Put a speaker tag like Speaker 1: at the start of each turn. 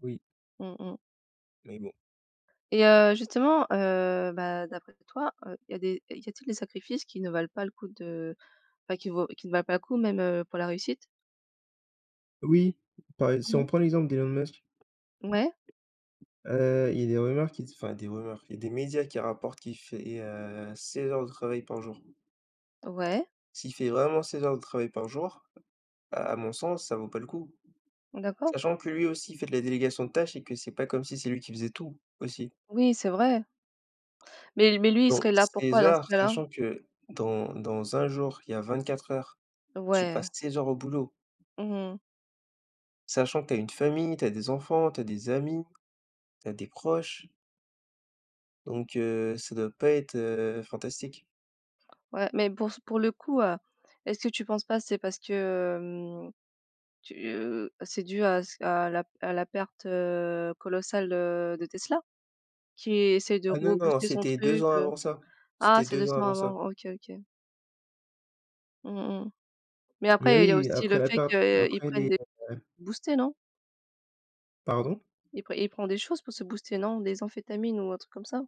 Speaker 1: Oui.
Speaker 2: Mmh mh
Speaker 1: Mais bon.
Speaker 2: et heu, justement, heu, bah d'après toi, heu, il y a des il y a t'il des sacrifices qui ne valent pas le coup de enfin qui vaut qui ne valent pas le coup même, heu, pour la réussite?
Speaker 1: Oui, par ex si
Speaker 2: Mmh
Speaker 1: on
Speaker 2: mh.
Speaker 1: prend l'exemple d'Elon Musk.
Speaker 2: Ouais.
Speaker 1: Heu, il y a des rumeurs qui enfin, des rumeurs, il y a des médias qui rapportent qu'il fait, heu, 16 heures de travail par jour.
Speaker 2: Ouais.
Speaker 1: S'il fait vraiment 16 heures de travail par jour, à mon sens, ça vaut pas le coup.
Speaker 2: D'accord.
Speaker 1: Sachant que lui aussi, il fait de la délégation de tâches, et que c'est pas comme si c'est lui qui faisait tout, aussi.
Speaker 2: Oui, c'est vrai. Mais mais lui il
Speaker 1: Donc
Speaker 2: serait là
Speaker 1: 16
Speaker 2: pourquoi dans ce
Speaker 1: heures,
Speaker 2: cas-là?
Speaker 1: sachant que dans dans 1 jour, il y a 24 heures, tu passes
Speaker 2: Ouais.
Speaker 1: 16 heures au boulot
Speaker 2: Mmh mh.
Speaker 1: sachant que tu as une famille, tu as des enfants, tu as des amis, tu as des proches donc heu, ça doit pas être, heu, fantastique.
Speaker 2: Ouais, mais pour s pour le coup, heu, est-ce que tu penses pas, c'est parce que, hem tu, heu c'est dû à s à la p à la perte, heu, colossale, heu, de de Tesla? Qui essaie de
Speaker 1: Ah non, non,
Speaker 2: rebooster son
Speaker 1: c'était 2
Speaker 2: truc,
Speaker 1: ans
Speaker 2: heu
Speaker 1: avant ça,
Speaker 2: ah,
Speaker 1: c'était
Speaker 2: c'est
Speaker 1: 2
Speaker 2: 2
Speaker 1: ans
Speaker 2: ans
Speaker 1: avant ça.
Speaker 2: avant. OK, OK. Mmh mh, mais
Speaker 1: Mais
Speaker 2: après il y a
Speaker 1: oui,
Speaker 2: aussi
Speaker 1: après
Speaker 2: le
Speaker 1: la
Speaker 2: fait
Speaker 1: pa
Speaker 2: qu'il
Speaker 1: après
Speaker 2: prenne
Speaker 1: les,
Speaker 2: des
Speaker 1: heu
Speaker 2: [unintelligible] boostés non?
Speaker 1: Pardon?
Speaker 2: Il prend il prend des choses pour se booster, non? Des amphétamines, ou un truc comme ça?